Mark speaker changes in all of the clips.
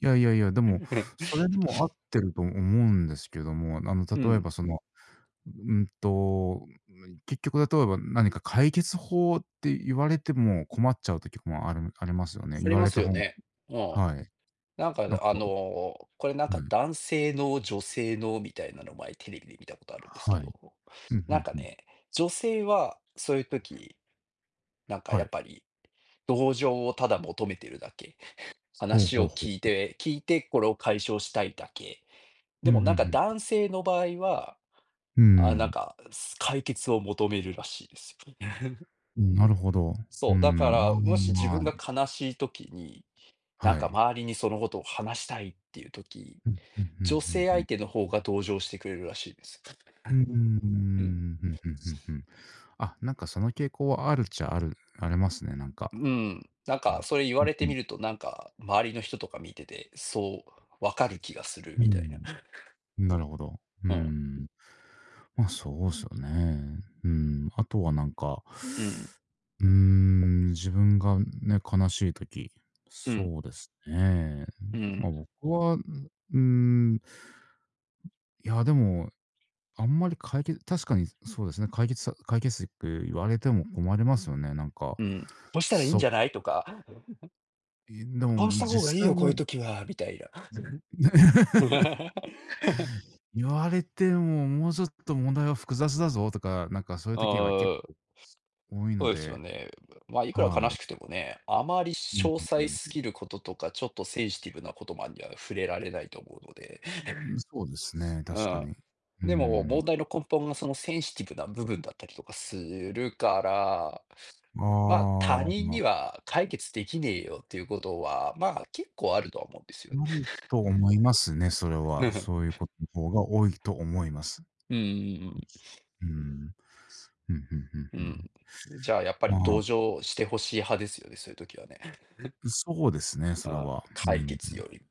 Speaker 1: いやいやいや、でもそれでも合ってると思 うんですけども、あの
Speaker 2: う
Speaker 1: 例え
Speaker 2: ん。
Speaker 1: ばその、うんと、むい結局例えば何か解決法って言われても困っちゃう時もあるあります
Speaker 2: あ、
Speaker 1: よね。
Speaker 2: そ
Speaker 1: 言
Speaker 2: り
Speaker 1: わ
Speaker 2: ま
Speaker 1: れ
Speaker 2: す
Speaker 1: た
Speaker 2: よ
Speaker 1: 本
Speaker 2: ね。うん。
Speaker 1: はい。
Speaker 2: なんか、あん
Speaker 1: なん
Speaker 2: あ
Speaker 1: か
Speaker 2: の、これなん
Speaker 1: ん、う
Speaker 2: か
Speaker 1: ん。
Speaker 2: 男性脳、女性脳みたいなの前テレビで見たことあるんですけ
Speaker 1: はい。
Speaker 2: ど、
Speaker 1: ふんふ
Speaker 2: なん
Speaker 1: ん
Speaker 2: か
Speaker 1: ふん。
Speaker 2: ね、女性は、そういう時、なんか
Speaker 1: は
Speaker 2: やっ
Speaker 1: い。
Speaker 2: ぱり、同情をただ求めてるだけ、
Speaker 1: ほう
Speaker 2: 話
Speaker 1: ほうほう
Speaker 2: を
Speaker 1: ほ
Speaker 2: 聞い
Speaker 1: う。
Speaker 2: て聞いて、これを解消したいだけ。
Speaker 1: う
Speaker 2: でも
Speaker 1: ん、ふ
Speaker 2: なん
Speaker 1: ん
Speaker 2: か
Speaker 1: ふん。
Speaker 2: 男性の場合は、
Speaker 1: うー
Speaker 2: あ、なん
Speaker 1: ん。
Speaker 2: か、す解決を求めるらしいです。
Speaker 1: うん、なるほど。うー
Speaker 2: そう、だか
Speaker 1: ん、ま
Speaker 2: ら
Speaker 1: あま
Speaker 2: もし自
Speaker 1: あま
Speaker 2: 分が
Speaker 1: あ。
Speaker 2: 悲しい時に、なん
Speaker 1: は
Speaker 2: か
Speaker 1: い。
Speaker 2: 周りにそのことを話したいっていう時、
Speaker 1: うん、ふんふん
Speaker 2: 女
Speaker 1: ふん
Speaker 2: 性
Speaker 1: ふん。
Speaker 2: 相手の方が同情してくれるらしいです。
Speaker 1: うー
Speaker 2: うん。
Speaker 1: ん。ふんふんふんふん。あ、なんかその傾向はあるっちゃあるありますね、なんか。
Speaker 2: うん。なん
Speaker 1: うん
Speaker 2: かそれ言
Speaker 1: う
Speaker 2: わ
Speaker 1: ん
Speaker 2: れ
Speaker 1: う
Speaker 2: て
Speaker 1: ん。
Speaker 2: みると、なんか周りの人とか見てて、そう、分かる気がする、
Speaker 1: うー
Speaker 2: みたいな。
Speaker 1: ん。なるほど。うー
Speaker 2: うん。
Speaker 1: ん。まあ、そうすよね。うーん、あとはなんか
Speaker 2: うん。
Speaker 1: うーん、自分がね、悲しい時、
Speaker 2: うん。
Speaker 1: そうですね。ん、
Speaker 2: うん。
Speaker 1: ま、僕は、う、うーん。いや、でも、あんまりかいけ確かにそうですね、解決さ解決策言われても困りますよね、なんか。
Speaker 2: うん、「こうしたらいいん
Speaker 1: そ
Speaker 2: じゃない？」とか。
Speaker 1: え、で
Speaker 2: 「ああし
Speaker 1: も
Speaker 2: た方がいい
Speaker 1: 実際
Speaker 2: よ、こういう
Speaker 1: は
Speaker 2: 時は」みたいな。
Speaker 1: 言われても、もうちょっと問題は複雑だぞとか、なんかそういう時は結
Speaker 2: ああ。
Speaker 1: 構多い
Speaker 2: ほう
Speaker 1: の
Speaker 2: ですよ
Speaker 1: で、
Speaker 2: ね。ま、いくら
Speaker 1: は
Speaker 2: 悲
Speaker 1: い。
Speaker 2: しくてもね、あまり
Speaker 1: うん
Speaker 2: 詳
Speaker 1: うんう
Speaker 2: 細
Speaker 1: ん。
Speaker 2: 過ぎることとか、ちょっとセンシティブなことまでには触れられないと思うので。
Speaker 1: ううーん、そうです ね、
Speaker 2: う
Speaker 1: 確か
Speaker 2: ん。
Speaker 1: に。うー
Speaker 2: でも問
Speaker 1: ん。
Speaker 2: 題の根本がそのセンシティブな部分だったりとかするから、
Speaker 1: あ
Speaker 2: ま、他
Speaker 1: あ、
Speaker 2: 人
Speaker 1: ま
Speaker 2: には解決出来ねえよっていうことは、ま、結構あるとは思うんですよ。
Speaker 1: 無理 と思いますね、それは。そういう ことの方が多いと思います。
Speaker 2: うんうんうん。
Speaker 1: うーん。うん、ふんふん
Speaker 2: う
Speaker 1: ふん。
Speaker 2: ん。じゃあやっぱ
Speaker 1: ま
Speaker 2: り
Speaker 1: あ
Speaker 2: 同情してほしい派ですよね、そういう時はね。
Speaker 1: ん、そうですね、それ
Speaker 2: ああ、
Speaker 1: は。う
Speaker 2: 解
Speaker 1: ん、ふ
Speaker 2: 決
Speaker 1: ん。
Speaker 2: より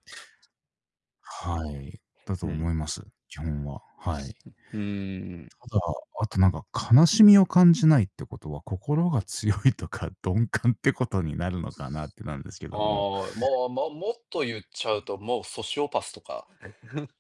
Speaker 1: はい。だ
Speaker 2: う
Speaker 1: と
Speaker 2: ん。
Speaker 1: 思います、基本は。はい。
Speaker 2: ふふーん。
Speaker 1: ただ、あとなんか悲しみを感じないってことは、心が強いとか、鈍感ってことになるのかなってなるんですけ
Speaker 2: あ
Speaker 1: ども。
Speaker 2: あ、まあ、ま、もっとゆっちゃうと、もうソシオパスとか。